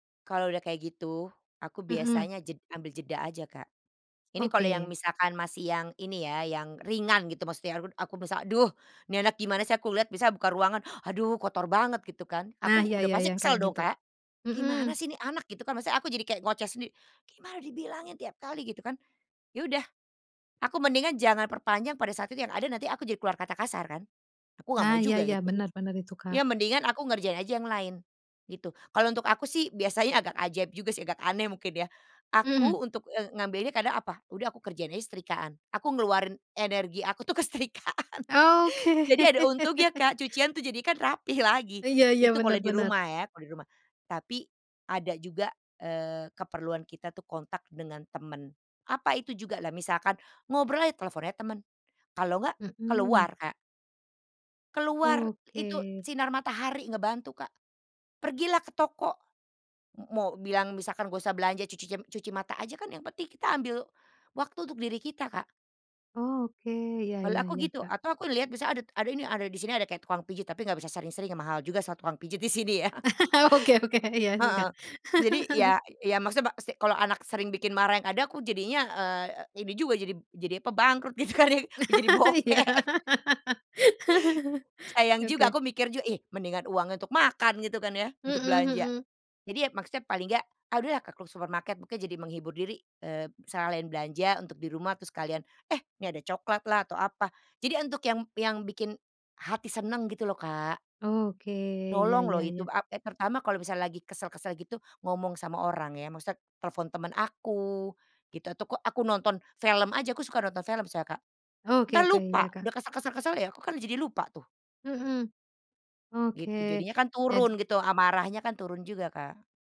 Kalau udah kayak gitu, aku Mhm. biasanya jed ngambil jeda aja Kak. Ini kalau yang Oke. misalkan masih yang ini ya, yang ringan gitu maksudnya aku aku misalnya, "Aduh, nih anak gimana sih," aku lihat biasanya buka ruangan, "Aduh, kotor banget," gitu kan, Nah, aku iya udah iya, pasti yang kesel kayak dong gitu. Kak. Mhm. "Gimana sih ini anak," gitu kan, maksudnya aku jadi kayak ngoceh sendiri, "Gimana dibilangin tiap kali!" Gitu kan, ya udah aku mendingan jangan perpanjang pada saat itu yang ada nanti aku jadi keluar kata kasar kan. Aku nggak Ah, mau iya juga iya, gitu. bener bener itu, Kak. Ya mendingan aku ngerjain aja yang lain gitu. Kalau untuk aku sih biasanya agak ajaib juga sih, agak aneh mungkin ya, aku Mhm. untuk, eee, ngambilnya kadang, apa, udah aku kerjain aja setrikaan, aku ngeluarin energi aku tuh ke setrikaan. Oke. Jadi ada untungnya Kak, cucian tuh jadikan rapi lagi, Iya iya, itu kalau benar di benar. rumah ya kalau di rumah. Tapi ada juga, eee, keperluan kita tuh kontak dengan teman, apa itu juga? Lah misalkan ngobrol aja telepon aja temen, kalau enggak, keluar Mhm. Kak. Keluar, itu Oke. sinar matahari ngebantu, Kak. Pergilah ke toko, mo mau bilang misalkan nggak usah belanja, cucicem cuci mata aja kan, yang penting kita ambil waktu untuk diri kita, Kak. Oke, iya Kalau iya aku iya, gitu, Kak. atau aku lihat misalnya adat ada ini, ada di sini ada kayak tukang pijit tapi nggak bisa sering-sering ya mahal juga sa tukang pijit di sini ya. Oke oke, iya sih, Heeh, Kak. jadi ya ya maksudnya ba si kalau anak sering bikin marah yang ada aku jadinya, eee, ini juga jadi jadi, apa, bangkrut gitu kan, jadi bokek. Iya. Sayang juga Oke. aku mikir juga, ih mendingan uangnya untuk makan gitu kan ya, untuk Mhm belanja. mhm. Jadi ya maksudnya paling enggak, ah udahlah ke supermarket, makanya jadi menghibur diri, eee, sekalian belanja untuk di rumah terus sekalian, eh, ini ada coklat lah atau apa. Jadi untuk yang yang bikin hati seneng gitu loh, Kak. Oke, iya Nolong loh iya iya. itu, a e terutama kalau misalnya lagi kesel-kesel gitu, ngomong sama orang ya maksudnya telepon temen aku gitu atau kok aku nonton film aja, aku suka nonton film soalnya Kak. Oke Entar oke, iya, lupa, Kak. udah kesel kesel kesel, ya aku kan jadi lupa tuh. Mhm. Gitu, Oke, jadinya kan jadi turun gitu, amarahnya kan turun juga, Kak.